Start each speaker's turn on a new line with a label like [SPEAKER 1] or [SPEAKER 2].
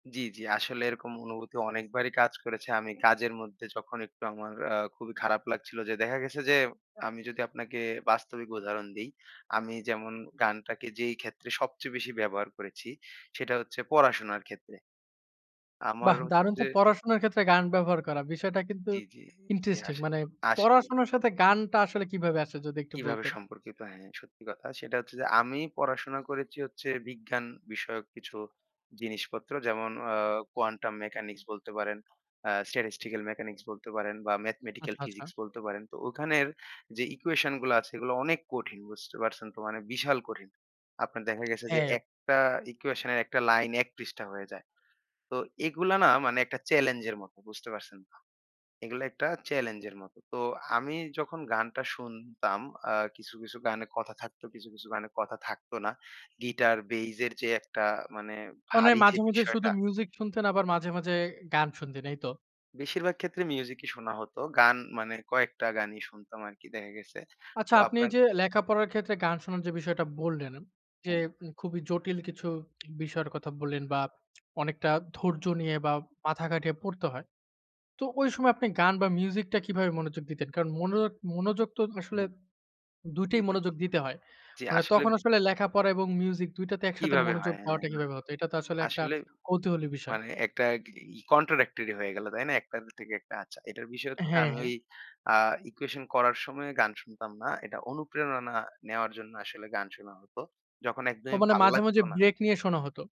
[SPEAKER 1] জ্বি, জ্বি। আসলে এরকম অনুভূতি অনেকবারই কাজ করেছে। আমি কাজের মধ্যে যখন একটু আমার আ খুবই খারাপ লাগছিলো, যে, দেখা গেছে যে, আমি যদি আপনাকে বাস্তবিক উদাহরণ দেই, আমি যেমন গানটাকে যেই ক্ষেত্রে সবচেয়ে বেশি ব্যবহার করেছি সেটা হচ্ছে পড়াশোনার ক্ষেত্রে আমার
[SPEAKER 2] বাহ!
[SPEAKER 1] হচ্ছে
[SPEAKER 2] দারুন
[SPEAKER 1] যে
[SPEAKER 2] তো পড়াশোনার ক্ষেত্রে গান ব্যবহার করা বিষয়টা কিন্তু
[SPEAKER 1] জ্বী, জ্বী, জ্বী।
[SPEAKER 2] ইন্টারেস্টিং
[SPEAKER 1] আস
[SPEAKER 2] মানে
[SPEAKER 1] আসলেই।
[SPEAKER 2] পড়াশোনার সাথে গানটা আসলে কিভাবে আসে যদি একটু
[SPEAKER 1] কিভাবে
[SPEAKER 2] বলতেন?
[SPEAKER 1] সম্পর্কিত? হ্যাঁ, সত্যি কথা। সেটা হচ্ছে যে, আমি পড়াশোনা করেছি হচ্ছে বিজ্ঞান বিষয়ক কিছু জিনিসপত্র যেমন আ Quantum mechanics বলতে পারেন, অ্যাঁ Statistical mechanics বলতে পারেন বা ম্যাথমেটিক্যাল
[SPEAKER 2] আচ্ছা, আচ্ছা।
[SPEAKER 1] ফিজিক্স বলতে পারেন। তো ওখানের যে, ইকুয়েশন গুলা আছে এগুলো অনেক কঠিন। বুঝতে পারছেন তো মানে বিশাল কঠিন। আপনার দেখা গেছে যে,
[SPEAKER 2] হ্যাঁ।
[SPEAKER 1] একটা ইকুয়েশন এর ১ টা লাইন ১ পৃষ্ঠা হয়ে যায়। তো এগুলা না মানে একটা চেলেঞ্জ এর মতো, বুঝতে পারছেন তো? এগুলা একটা চেলেঞ্জ এর মত। তো আমি যখন গানটা শুনতাম আ কিছু, কিছু গানে কথা থাকতো কিছু, কিছু গানে কথা থাকত না। গিটার বেস এর যে, একটা মানে
[SPEAKER 2] মনে হয়
[SPEAKER 1] ভারী যে,
[SPEAKER 2] মাঝে, মাঝে শুধু
[SPEAKER 1] বিষয়টা।
[SPEAKER 2] মিউজিক শুনতেন আবার মাঝে, মাঝে গান শুনতেন এই তো?
[SPEAKER 1] বেশিরভাগ ক্ষেত্রে মিউজিকই শোনা হত। গান মানে কয়েকটা গানই শুনতাম আরকি দেখা গেছে। তো
[SPEAKER 2] আচ্ছা, আপনি
[SPEAKER 1] আপনার
[SPEAKER 2] যে, লেখাপড়ার ক্ষেত্রে গান শোনার যে, বিষয়টা বললেন, যে,
[SPEAKER 1] হ্যাঁ।
[SPEAKER 2] খুবই জটিল কিছু বিষয়ের কথা বললেন, বা অনেকটা ধৈর্য নিয়ে বা মাথা খাটিয়ে পড়তে হয়। তো ওই সময় আপনি গান বা মিউজিক টা কিভাবে মনোযোগ দিতেন? কারণ মন মনোযোগ তো আসলে
[SPEAKER 1] হুম।
[SPEAKER 2] ২
[SPEAKER 1] জ্বী,
[SPEAKER 2] টাই
[SPEAKER 1] জ্বী,
[SPEAKER 2] মনোযোগ
[SPEAKER 1] জ্বী।
[SPEAKER 2] দিতে হয়।
[SPEAKER 1] জ্বী,
[SPEAKER 2] মানে
[SPEAKER 1] আসলে
[SPEAKER 2] তখন আসলে লেখাপড়া এবং মিউজিক ২ টাতে একসাথে
[SPEAKER 1] কিভাবে
[SPEAKER 2] মনোযোগ
[SPEAKER 1] হয়? হ্যাঁ,
[SPEAKER 2] দেওয়াটা কিভাবে হত? এটা তো আসলে একটা
[SPEAKER 1] আসলে
[SPEAKER 2] কৌতূহলী বিষয়।
[SPEAKER 1] মানে একটা ই কন্ট্রাডিক্টরি হয়ে গেল। তাই না? একটা থেকে একটা। আচ্ছা। এটার বিষয় হচ্ছে যে,
[SPEAKER 2] হ্যাঁ,
[SPEAKER 1] আমি
[SPEAKER 2] হ্যাঁ।
[SPEAKER 1] ওই আ ইকুয়েশন করার সময় গান শুনতাম না। এটা অনুপ্রেরণা নেওয়ার জন্য আসলে গান শোনা হত। যখন
[SPEAKER 2] ও
[SPEAKER 1] একদমই
[SPEAKER 2] মানে
[SPEAKER 1] ভাল
[SPEAKER 2] মাঝে,
[SPEAKER 1] লাগত
[SPEAKER 2] মাঝে
[SPEAKER 1] না।
[SPEAKER 2] ব্রেক নিয়ে শোনা হত।